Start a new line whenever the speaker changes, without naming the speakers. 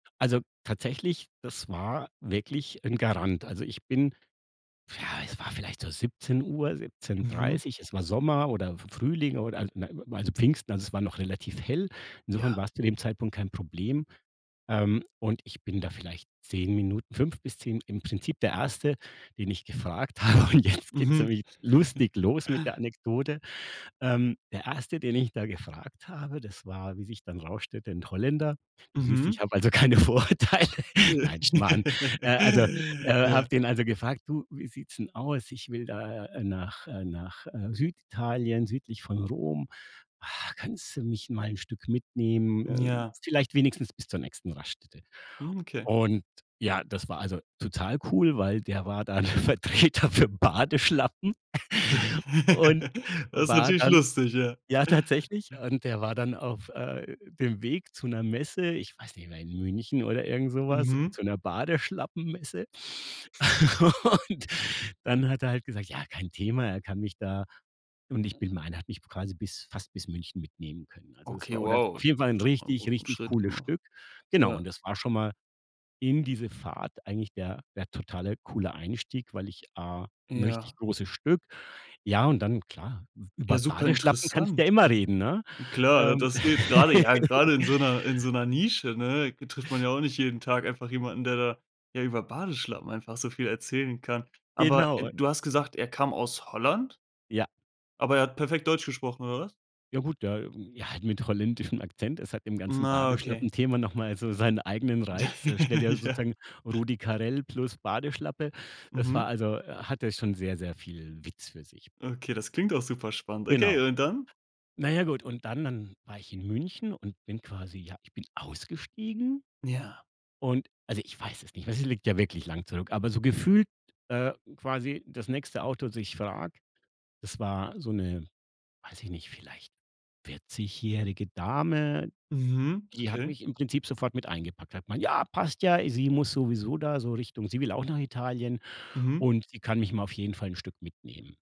Also, tatsächlich, das war wirklich 'n Garant. Also, ich bin ja, es war vielleicht so 17:00, Siebzehn
Mhm.
Dreißig, es war Sommer oder F Frühling oder a n also, Pfingsten, also, es war noch relativ hell. Insofern
Ja.
war's zu dem Zeitpunkt kein Problem. Ähm, und ich bin da vielleicht 10 Minuten 5 bis 10 im Prinzip der 1. den ich gefragt habe und jetzt geht's
Mhm.
nämlich lustig los mit der Anekdote. Ähm, der 1. den ich da gefragt habe, das war, wie sich dann rausstellte, 'n Holländer. Du siehst, ich
Mhm.
habe also keine Vorurteile.
J
Nein, Schmarrn. Äh, also äh, habe
Ja.
den also gefragt: „Du, wie sieht's 'n aus? Ich will da, äh, nach, äh nach, äh, Süditalien, südlich von Rom. Ha, kannst du mich mal 'n Stück mitnehmen,
Hm,
äh,
ja.
vielleicht wenigstens bis zur nächsten Raststätte?“
Hm, okay.
Und ja, das war also total cool, weil der war dann Vertreter für Badeschlappen
D
und
Das ist
war
natürlich
dann
lustig, ja.
ja tatsächlich, und der war dann auf, äh, dem Weg zu 'ner Messe. Ich weiß nicht mehr, in München oder irgend so was,
Mhm.
zu 'ner Badeschlappen-Messe. Und dann hat er halt gesagt: „Ja, kein Thema,“ er kann mich da und ich bin meine, er hat mich quasi bis fast bis München mitnehmen können. Also, es
Okay,
war oder
wow,
auf jeden Fall
hast du
'n
schon mal 'n
richtig,
guten
richtig
Schritt
cooles
gemacht.
Stück. Genau
Ja.
und das war schon mal in diese Fahrt eigentlich der der totale, coole Einstieg, weil ich A 'n richtig
Ja.
großes Stück. Ja und dann klar,
Ja,
über
super
Badeschlappen kannst du ja
interessant,
immer
ne?
reden, ne?
Klar, d
Ähm.
das geht gerade ja, gerade in so 'ner in so 'ner Nische ne, g trifft man ja auch nicht jeden Tag einfach jemanden, der da ja über Badeschlappen einfach so viel erzählen kann. Aber,
Genau,
äh,
und
du hast gesagt, er kam aus Holland
Ja.
Aber er hat perfekt Deutsch gesprochen oder was?
Ja gut, der ja, halt mit holländischem Akzent. Es hat im ganzen
Na, okay.
Badeschlappenthema noch mal so seinen eigenen Reiz. Äh, stell dir
Ja.
sozusagen Rudi Carrell plus Badeschlappe. Das
Mhm.
war also äh, hatte schon sehr, sehr viel Witz für sich.
Okay, das klingt auch super spannend. Okay,
Genau.
und dann?
Na ja, gut und dann dann war ich in München und bin quasi ja, ich bin ausgestiegen
Ja.
und also ich weiß es nicht mehr, es liegt ja wirklich lang zurück, aber so gefühlt, äh, quasi das nächste Auto, dass ich frage, das war so 'ne, weiß ich nicht, vielleicht vierzig-jährige Dame.
Mhm,
Die hat
okay.
mich im Prinzip sofort mit eingepackt. Da hat man: „Ja, passt ja,“ sie muss sowieso da so Richtung sie will auch nach Italien
Mhm.
und sie kann mich mal auf jeden Fall 'n Stück mitnehmen.